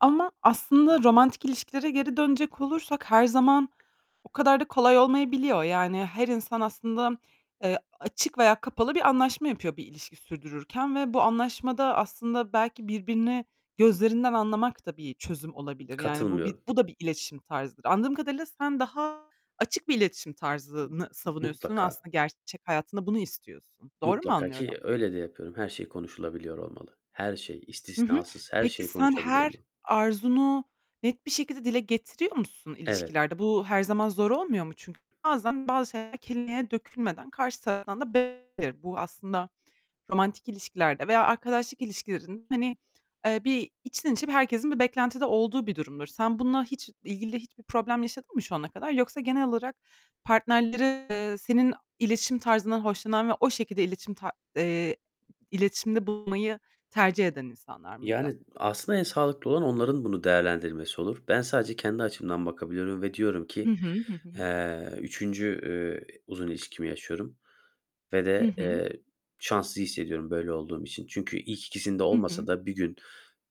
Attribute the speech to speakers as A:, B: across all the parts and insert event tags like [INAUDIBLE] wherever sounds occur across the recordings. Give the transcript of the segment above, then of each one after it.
A: Ama aslında romantik ilişkilere geri dönecek olursak her zaman o kadar da kolay olmayabiliyor. Yani her insan aslında, eee, açık veya kapalı bir anlaşma yapıyor bir ilişki sürdürürken ve bu anlaşmada aslında belki birbirini gözlerinden anlamak da bir çözüm olabilir. Yani bu bir
B: Katılmıyorum.
A: bu da bir iletişim tarzıdır. Anladığım kadarıyla sen daha açık bir iletişim tarzını savunuyorsun ve
B: Mutlaka.
A: aslında gerçek hayatında bunu istiyorsun. Doğru mu
B: Mutlaka,
A: anlıyorum?
B: ki öyle de yapıyorum. Her şey konuşulabiliyor olmalı. Her şey,
A: Hı hı.
B: istisnasız her
A: Peki,
B: şeyi
A: sen
B: konuşabiliyor
A: her
B: mu?
A: arzunu net bir şekilde dile getiriyor musun
B: Evet.
A: ilişkilerde? Bu her zaman zor olmuyor mu? Çünkü bazen bazı şeyler kelimeye dökülmeden karşı taraftan da [UNINTELLIGIBLE] bu aslında romantik ilişkilerde veya arkadaşlık ilişkilerin hani, eee, bir içten içe bir herkesin bir beklentide olduğu bir durumdur. Sen bununla hiç ilgili hiçbir problem yaşadın mı şu ana kadar? Yoksa genel olarak partnerleri eee, senin iletişim tarzından hoşlanan ve o şekilde iletişim ta eee, iletişimde bulmayı tercih eden insanlar mıydı?
B: Yani aslında en sağlıklı olan onların bunu değerlendirmesi olur. Ben sadece kendi açımdan bakabiliyorum ve diyorum ki,
A: Hı hı, hı hı.
B: eee, 3. eee, uzun ilişkimi yaşıyorum ve
A: Hı
B: de,
A: hı.
B: eee, şanslı hissediyorum böyle olduğum için. Çünkü ilk ikisinde
A: Hı
B: olmasa
A: hı.
B: da bir gün,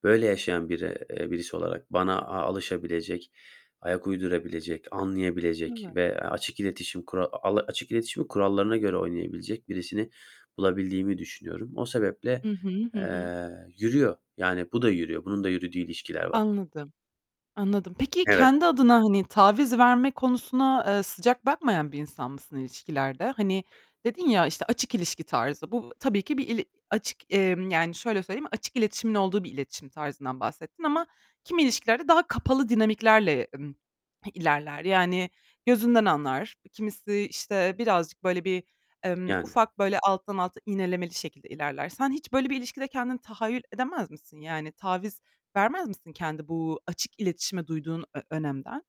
B: böyle yaşayan biri eee, birisi olarak bana a alışabilecek, ayak uydurabilecek, anlayabilecek
A: Evet.
B: ve açık iletişim kura ala açık iletişimi kurallarına göre oynayabilecek birisini bulabildiğimi düşünüyorum. O sebeple,
A: I hı, hı hı.
B: eee, yürüyor, yani bu da yürüyor. Bunun da yürüdüğü ilişkiler var.
A: Anladım. Anladım. Peki
B: Evet.
A: ,kendi adına, hani, taviz verme konusuna, eee, sıcak bakmayan bir insan mısın ilişkilerde? Hani, dedin ya, işte, açık ilişki tarzı. Bu tabii ki bir il açık, emm, yani şöyle söyleyeyim; açık iletişimin olduğu bir iletişim tarzından bahsettin ama kimi ilişkilerde daha kapalı dinamiklerle, emm, ilerler. Yani gözünden anlar kimisi, işte, birazcık böyle bir, emm,
B: Yani.
A: ufak böyle alttan alta iğnelemeli şekilde ilerler. Sen hiç böyle bir ilişkide kendini tahayyül edemez misin? Yani taviz vermez misin, kendi bu açık iletişime duyduğun ö önemden?